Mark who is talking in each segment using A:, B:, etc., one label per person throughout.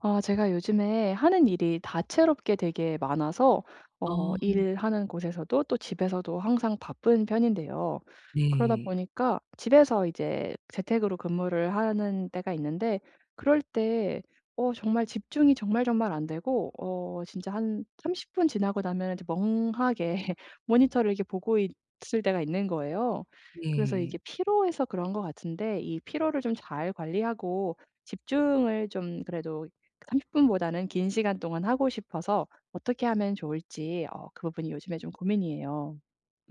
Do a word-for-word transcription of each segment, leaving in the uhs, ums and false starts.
A: 아 제가 요즘에 하는 일이 다채롭게 되게 많아서 어
B: 아.
A: 일하는 곳에서도 또 집에서도 항상 바쁜 편인데요. 그러다
B: 네.
A: 보니까 집에서 이제 재택으로 근무를 하는 때가 있는데 그럴 때 어 정말 집중이 정말 정말 안 되고 어 진짜 한 삼십 분 지나고 나면 이제 멍하게 모니터를 이렇게 보고 있을 때가 있는 거예요. 그래서 이게
B: 네.
A: 피로해서 그런 것 같은데 이 피로를 좀 잘 관리하고 집중을 좀 그래도 삼십 분보다는 긴 시간 동안 하고 싶어서 어떻게 하면 좋을지 어 그 부분이 요즘에 좀 고민이에요.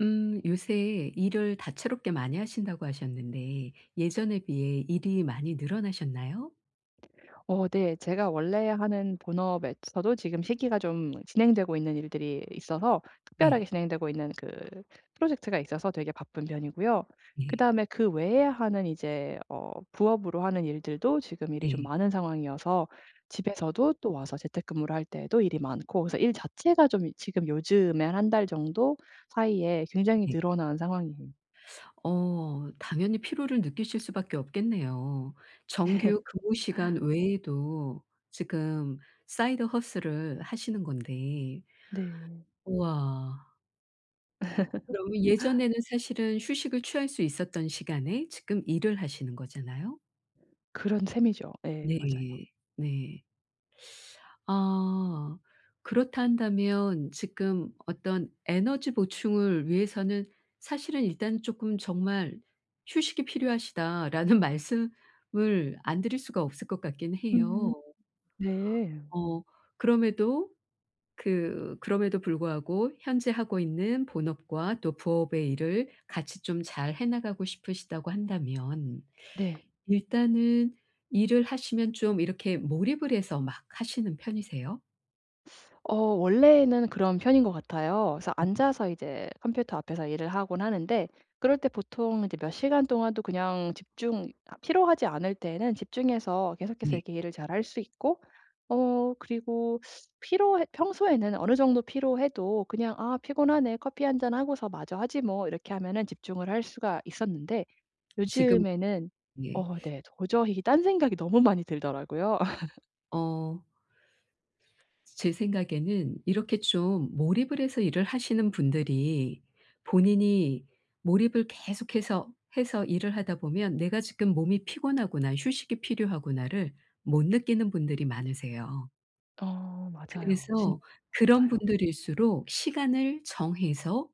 B: 음. 요새 일을 다채롭게 많이 하신다고 하셨는데 예전에 비해 일이 많이 늘어나셨나요?
A: 어 네 제가 원래 하는 본업에서도 지금 시기가 좀 진행되고 있는 일들이 있어서 특별하게
B: 네.
A: 진행되고 있는 그 프로젝트가 있어서 되게 바쁜 편이고요.
B: 네.
A: 그다음에 그 외에 하는 이제 어 부업으로 하는 일들도 지금 일이 좀
B: 네.
A: 많은 상황이어서 집에서도 또 와서 재택근무를 할 때에도 일이 많고 그래서 일 자체가 좀 지금 요즘에 한 달 정도 사이에 굉장히
B: 네.
A: 늘어난 상황이에요.
B: 어 당연히 피로를 느끼실 수밖에 없겠네요.
A: 네.
B: 정규 근무 시간 외에도 지금 Side Hustle을 하시는 건데.
A: 네.
B: 우와. 그러면 예전에는 사실은 휴식을 취할 수 있었던 시간에 지금 일을 하시는 거잖아요?
A: 그런 셈이죠. 예. 맞아요.
B: 네. 네. 아. 그렇다 한다면 지금 어떤 에너지 보충을 위해서는 사실은 일단 쪼끔 정말 "휴식이 필요하시다." 라는 말씀을 안 드릴 수가 없을 것 같긴
A: 음.
B: 해요.
A: 네.
B: 어. 그럼에도 그 그럼에도 불구하고 현재 하고 있는 본업과 또 부업의 일을 같이 좀 잘 해 나가고 싶으시다고 한다면
A: 네.
B: 일단은 일을 하시면 좀 이렇게 몰입을 해서 막 하시는 편이세요?
A: 어 원래는 그런 편인 것 같아요. 그래서
B: 네.
A: 앉아서 이제 컴퓨터 앞에서 일을 하곤 하는데 그럴 때 보통 이제 몇 시간 동안도 그냥 집중이 아 피로하지 않을 때에는 집중해서 계속해서
B: 네.
A: 이렇게 일을 잘할 수 있고 어 그리고 피로해 평소에는 어느 정도 피로해도 그냥 '아 피곤하네, 커피 한잔 하고서 마저 하지 뭐.' 이렇게 하면은 집중을 할 수가 있었는데
B: 지금
A: 요즘에는
B: 예.
A: 어 네 도저히 이게 딴 생각이 너무 많이 들더라고요.
B: 어. 제 생각에는 이렇게 좀 몰입을 해서 일을 하시는 분들이 본인이 몰입을 계속해서 해서 일을 하다 보면 '내가 지금 몸이 피곤하구나 휴식이 필요하구나.'를 못 느끼는 분들이 많으세요.
A: 어 맞아요. 진
B: 그래서
A: [unintelligible]
B: 그런
A: 같아요.
B: 분들일수록 시간을 정해서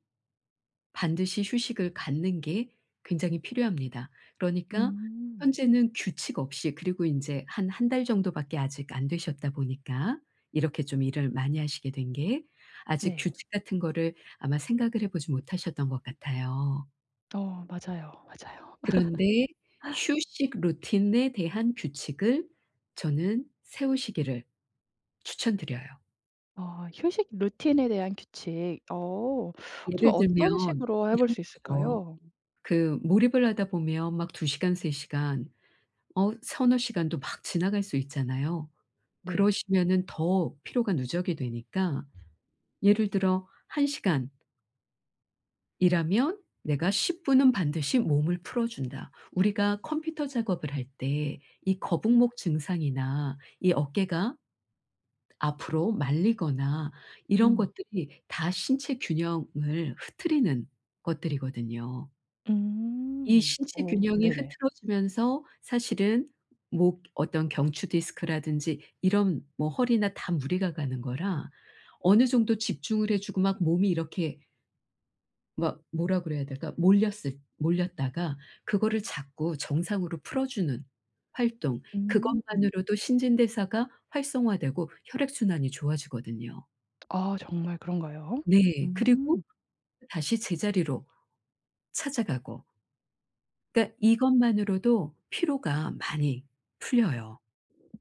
B: 반드시 휴식을 갖는 게 굉장히 필요합니다. 그러니까
A: 음.
B: 현재는 규칙 없이 그리고 인제 한 한 달 정도밖에 아직 안 되셨다 보니까 이렇게 좀 일을 많이 하시게 된 게 아직
A: 네.
B: 규칙 같은 거를 아마 생각을 해 보지 못하셨던 것 같아요.
A: 어 맞아요, 맞아요.
B: 그런데 휴식 루틴에 대한 규칙을 저는 세우시기를 추천 드려요.
A: 아 휴식 루틴에 대한 규칙. 어. 좀
B: 예를
A: 어떤
B: 들면
A: 식으로 해 볼
B: 이런
A: 수
B: 거죠.
A: 있을까요?
B: 그 몰입을 하다 보면 막 두 시간 세 시간 어 서너 시간도 막 지나갈 수 있잖아요.
A: 네.
B: 그러시면은 더 피로가 누적이 되니까 예를 들어 한 시간 이라면 내가 십 분은 반드시 몸을 풀어준다. 우리가 컴퓨터 작업을 할 때 이 거북목 증상이나 이 어깨가 앞으로 말리거나 이런
A: 음.
B: 것들이 다 신체 균형을 흐트리는 것들이거든요. 이
A: 음.
B: 신체
A: 어
B: 균형이
A: 네네.
B: 흐트러지면서 사실은 목 어떤 경추 디스크라든지 이런 뭐 허리나 다 무리가 가는 거라 어느 정도 집중을 해 주고 막 몸이 이렇게 막 뭐라 그래야 될까? 몰렸을 몰렸다가 그거를 자꾸 정상으로 풀어 주는 활동
A: 음.
B: 그것만으로도 신진대사가 활성화되고 혈액 순환이 좋아지거든요.
A: 아 정말 그런가요?
B: 네. 그리고
A: 음.
B: 다시 제자리로 찾아가고. 그러니까 이것만으로도 피로가 많이 풀려요.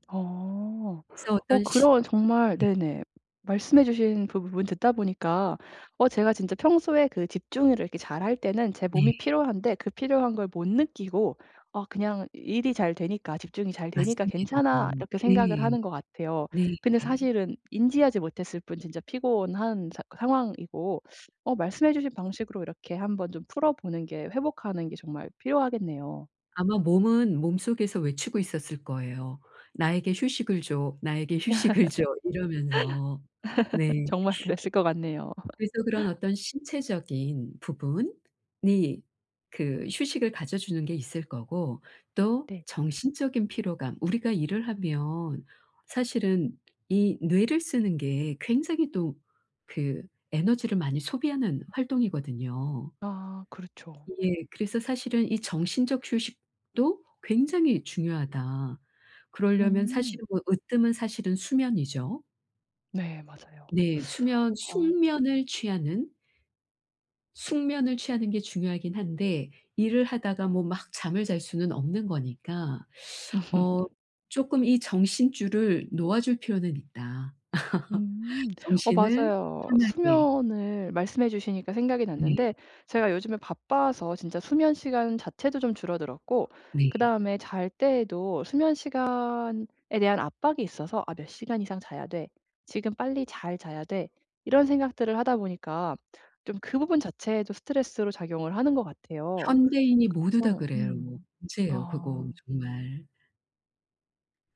A: 어.
B: 그래서
A: 어
B: 어떤 시
A: 그런 정말
B: 네.
A: 네네. 말씀해 주신 부 부분 듣다 보니까 어 제가 진짜 평소에 그 집중을 이렇게 잘할 때는 제 몸이
B: 네.
A: 피로한데 그 피로한 걸 못 느끼고 아 그냥 ‘일이 잘 되니까, 집중이 잘 되니까
B: 맞습니다.
A: 괜찮아.‘ 이렇게 생각을
B: 네.
A: 하는 것 같아요.
B: 네.
A: 근데 사실은 인지하지 못했을 뿐 진짜 피곤한 사 상황이고 어 말씀해 주신 방식으로 이렇게 한번 좀 풀어보는 게 회복하는 게 정말 필요하겠네요.
B: 아마 몸은 몸속에서 외치고 있었을 거예요. ":나에게 휴식을 줘. 나에게 휴식을 줘." 이러면서 네.
A: 정말 그랬을 것 같네요.
B: 그래서 그런 어떤 신체적인 부분이 그 휴식을 가져 주는 게 있을 거고 또
A: 네.
B: 정신적인 피로감 우리가 일을 하면 사실은 이 뇌를 쓰는 게 굉장히 또 그 에너지를 많이 소비하는 활동이거든요.
A: 아. 그렇죠.
B: 이게 그래서 사실은 이 정신적 휴식도 굉장히 중요하다. 그러려면
A: 음.
B: 사실은 뭐 으뜸은 사실은 수면이죠.
A: 네. 맞아요.
B: 네. 수면
A: 어.
B: 숙면을 취하는 숙면을 취하는 게 중요하긴 한데 일을 하다가 뭐 막 잠을 잘 수는 없는 거니까 어 쪼끔 이 정신줄을 놓아줄 필요는 있다.
A: 음. 어
B: 정신을
A: 맞아요.
B: 편하게.
A: 수면을 말씀해 주시니까 생각이
B: 네.
A: 났는데 제가 요즘에 바빠서 진짜 수면 시간 자체도 좀 줄어들었고
B: 네.
A: 그다음에 잘 때에도 수면 시간에 대한 압박이 있어서 '아 몇 시간 이상 자야 돼.', '지금 빨리 잘 자야 돼.' 이런 생각들을 하다 보니까 좀 그 부분 자체에도 스트레스로 작용을 하는 것 같아요.
B: 현대인이 모두 다
A: 그래서
B: 그래요.
A: 음.
B: 문제에요, 그거
A: 아.
B: 정말.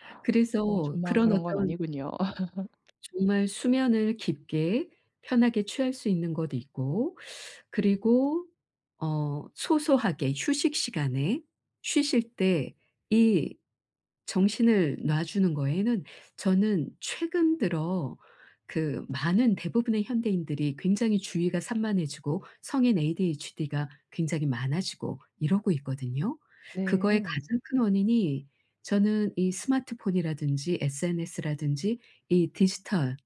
A: 어
B: 그래서
A: 저만
B: 그런
A: 그런 건
B: 어떤
A: 아니군요.
B: 정말 수면을 깊게 편하게 취할 수 있는 것 있고 그리고 어 소소하게 휴식 시간에 쉬실 때 이 정신을 놔주는 거에는 저는 최근 들어 그 많은 대부분의 현대인들이 굉장히 주의가 산만해지고 성인 ADHD가 굉장히 많아지고 이러고 있거든요. 그거의
A: 네.
B: 가장 큰 원인이 저는 이 스마트폰이라든지 SNS라든지 이 디지털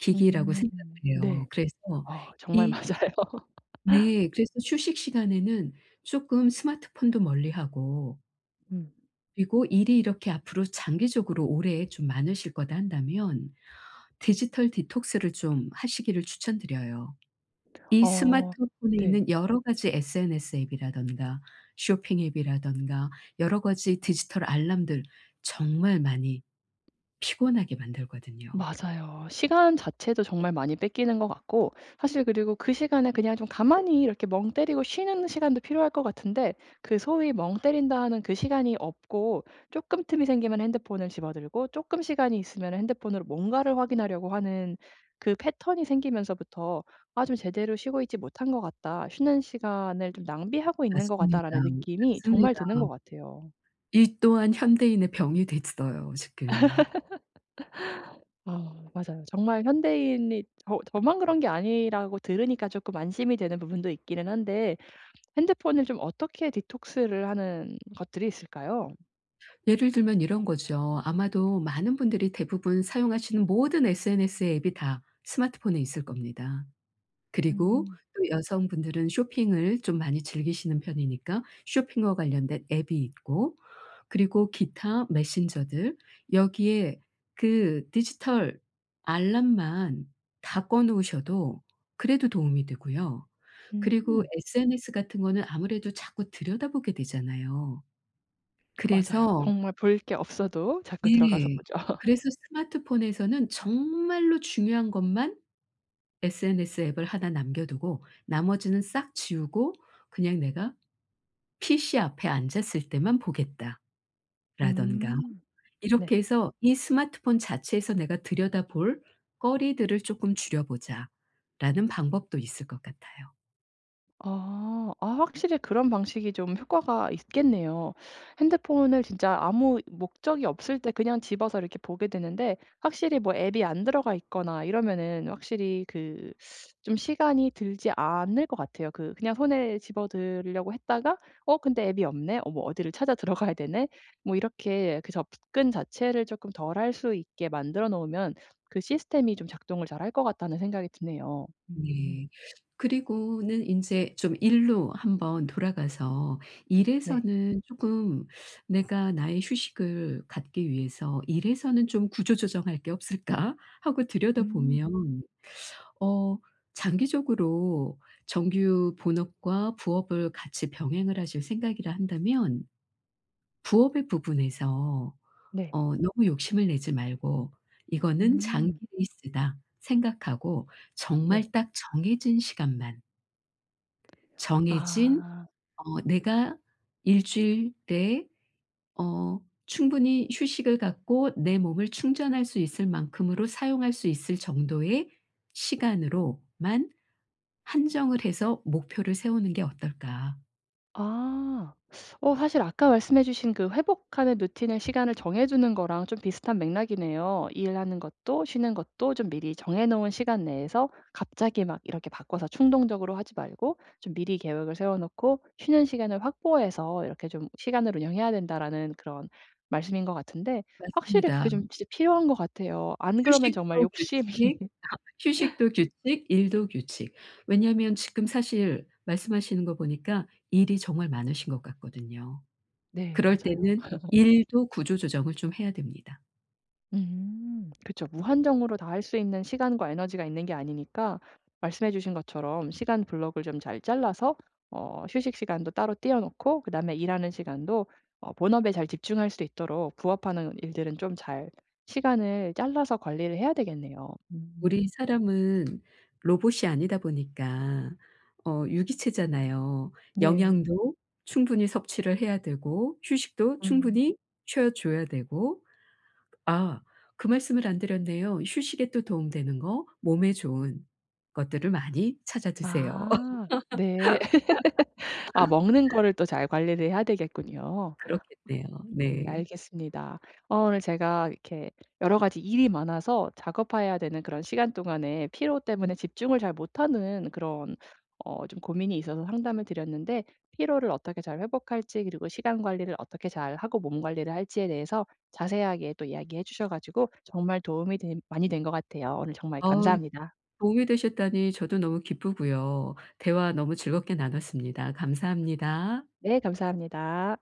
B: 기기라고
A: 음.
B: 생각해요.
A: 네.
B: 그래서
A: 아 정말
B: 이
A: 맞아요.
B: 네. 그래서 휴식 시간에는 쪼끔 스마트폰도 멀리하고
A: 음.
B: 그리고 ‘일이 이렇게 앞으로 장기적으로 오래 좀 많으실 거다.‘ 한다면 디지털 디톡스를 좀 하시기를 추천드려요. 이
A: 어.
B: 스마트폰에
A: 네.
B: 있는 여러 가지 SNS 앱이라든가 쇼핑 앱이라든가 여러 가지 디지털 알람들 정말 많이 피곤하게 만들거든요.
A: 맞아요. 시간 자체도 정말 많이 뺏기는 것 같고 사실 그리고 그 시간에 그냥 좀 가만히 이렇게 멍때리고 쉬는 시간도 필요할 것 같은데 그 소위 멍때린다는 그 시간이 없고 쪼끔 틈이 생기면 핸드폰을 집어 들고 쪼끔 시간이 있으면 핸드폰으로 뭔가를 확인하려고 하는 그 패턴이 생기면서부터 ‘아 좀 제대로 쉬고 있지 못한 것 같다. 쉬는 시간을 좀 낭비하고 있는 것
B: 맞습니다,
A: 같다.‘라는 느낌이 정말
B: 맞습니다.
A: 드는 것 같아요.
B: 이 또한 현대인의 병이 됐어요 지금.
A: 어. 맞아요. 정말 현대인이 저 저만 그런 게 아니라고 들으니까 쪼끔 안심이 되는 부분도 있기는 한데 핸드폰을 좀 어떻게 디톡스를 하는 것들이 있을까요?
B: 예를 들면 이런 거죠. 아마도 많은 분들이 대부분 사용하시는 모든 SNS의 앱이 다 스마트폰에 있을 겁니다. 그리고
A: 음.
B: 또 여성분들은 쇼핑을 좀 많이 즐기시는 편이니까 쇼핑과 관련된 앱이 있고 그리고 기타 메신저들 여기에 그 디지털 알람만 다 꺼 놓으셔도 그래도 도움이 되고요. 그리고
A: 음.
B: SNS 같은 거는 아무래도 자꾸 들여다보게 되잖아요.
A: 맞아요.
B: 그래서
A: 정말 볼 게 없어도 자꾸 들어가서
B: 네.
A: 보죠.
B: 그래서 스마트폰에서는 정말로 중요한 것만 SNS 앱을 하나 남겨 두고 나머지는 싹 지우고 그냥 '내가 피씨 앞에 앉았을 때만 보겠다.'라든가
A: 음.
B: 이렇게
A: 네.
B: 해서 이 '스마트폰 자체에서 내가 들여다볼 거리들을 조금 줄여 보자.'라는 방법도 있을 것 같아요.
A: 아. 아 확실히 그런 방식이 좀 효과가 있겠네요. 핸드폰을 진짜 아무 목적이 없을 때 그냥 집어서 이렇게 보게 되는데 확실히 뭐 앱이 안 들어가 있거나 이러면은 확실히 그 좀 시간이 들지 않을 것 같아요. 그 그냥 손에 집어 들려고 했다가 '어 근데 앱이 없네? 어 뭐 어디를 찾아 들어가야 되네?' 뭐 이렇게 그 접근 자체를 조금 덜 할 수 있게 만들어 놓으면 그 시스템이 좀 작동을 잘할 것 같다는 생각이 드네요. 음.
B: 네. 그리고는 인제 좀 일로 한번 돌아가서
A: 네.
B: 일에서는 쪼끔 내가 나의 휴식을 갖기 위해서 '일에서는 좀 구조조정할 게 없을까?' 하고
A: 음.
B: 들여다보면 어 장기적으로 정규 본업과 부업을 같이 병행을 하실 생각이라 한다면 부업의 부분에서
A: 네.
B: 어 너무 욕심을 내지 말고 '이거는 장기
A: 음.
B: 레이스다.' 생각하고
A: 네.
B: 정말 딱 정해진 시간만 정해진
A: 아.
B: 어 내가 일 주일 내에 어 충분히 휴식을 갖고 내 몸을 충전할 수 있을 만큼으로 사용할 수 있을 정도의 시간으로만 한정을 해서 목표를 세우는 게 어떨까?
A: 아 어 사실 아까 말씀해 주신 그 회복하는 routine을 시간을 정해주는 거랑 좀 비슷한 맥락이네요. 일하는 것도 쉬는 것도 좀 미리 정해 놓은 시간 내에서 갑자기 막 이렇게 바꿔서 충동적으로 하지 말고 좀 "미리 계획을 세워 놓고 쉬는 시간을 확보해서 이렇게 좀 시간을 운영해야 된다."라는 그런 말씀인 것 같은데 확실히
B: 맞습니다.
A: 그게 좀 진짜 필요한 것 같아요. 안 그러면 정말
B: 휴식도
A: 욕심이
B: 규칙 다 휴식도 규칙, 일도 규칙 왜냐하면 지금 사실 말씀하시는 거 보니까 일이 정말 많으신 것 같거든요.
A: 네.
B: 그럴
A: 맞아요.
B: 때는 일도 구조조정을 좀 해야 됩니다.
A: 음. 그쵸. 무한정으로 다 할 수 있는 시간과 에너지가 있는 게 아니니까 말씀해 주신 것처럼 시간 block을 좀 잘 잘라서 어 휴식 시간도 따로 떼어 놓고 그다음에 일하는 시간도 어 본업에 잘 집중할 수 있도록 부업 하는 일들은 좀 잘 시간을 잘라서 관리를 해야 되겠네요. 음.
B: 우리 사람은 로봇이 아니다 보니까 어 유기체잖아요.
A: 네.
B: 영양도 충분히 섭취를 해야 되고 휴식도
A: 음.
B: 충분히 쉬어줘야 되고 아 그 말씀을 안 드렸네요. 휴식에 또 도움 되는 거. 몸에 좋은 것들을 많이 찾아 드세요.
A: 아 네. 아 먹는 거를 또 잘 관리를 해야 되겠군요.
B: 그렇겠네요.
A: 예
B: 네.
A: 알겠습니다. 어 오늘 제가 이렇게 여러 가지 일이 많아서 작업하야 되는 그런 시간 동안에 피로 때문에 집중을 잘 못하는 그런 어 좀 고민이 있어서 상담을 드렸는데 피로를 어떻게 잘 회복할지 그리고 시간 관리를 어떻게 잘하고 몸 관리를 할지에 대해서 자세하게 또 이야기해 주셔 가지고 정말 도움이 된 많이 된 것 같아요. 오늘 정말
B: 어우.
A: 감사합니다.
B: 도움이 되셨다니 저도 너무 기쁘고요. 대화 너무 즐겁게 나눴습니다. 감사합니다.
A: 네 감사합니다.